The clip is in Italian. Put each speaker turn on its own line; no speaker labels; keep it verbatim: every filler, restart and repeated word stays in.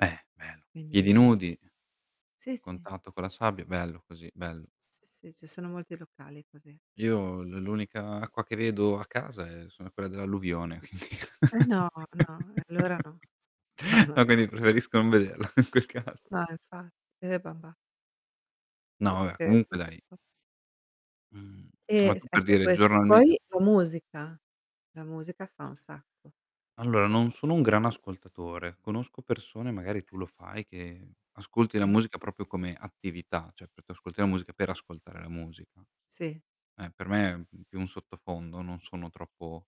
Eh bello. Piedi
Quindi
nudi
Sì, sì.
contatto con la sabbia. Bello così, bello.
Sì, sì. Ci sono molti locali così.
Io l l'unica acqua che vedo a casa è sono quella dell'alluvione.
Eh no, no. E allora no. No, no.
Va bene cos preferisco non vederla in quel caso.
No infatti, e vabbè.
No vabè
Perchè tu
comunque dai
[unintelligible]
Mhmm, ma
Eh, s
tu, per
ecco,
dire,
questo.
giornalmen
Poi la musica, la musica fa un sacco.
Allora, non
Eh
sono un
certo.
gran ascoltatore. Conosco persone, magari
Eh.
tu lo fai, che ascolti la
Sì.
musica propio come attività, cioè tu tu ascolti la musica per ascoltare la musica.
Sì.
Eh, per me è più un sottofondo, non sono troppo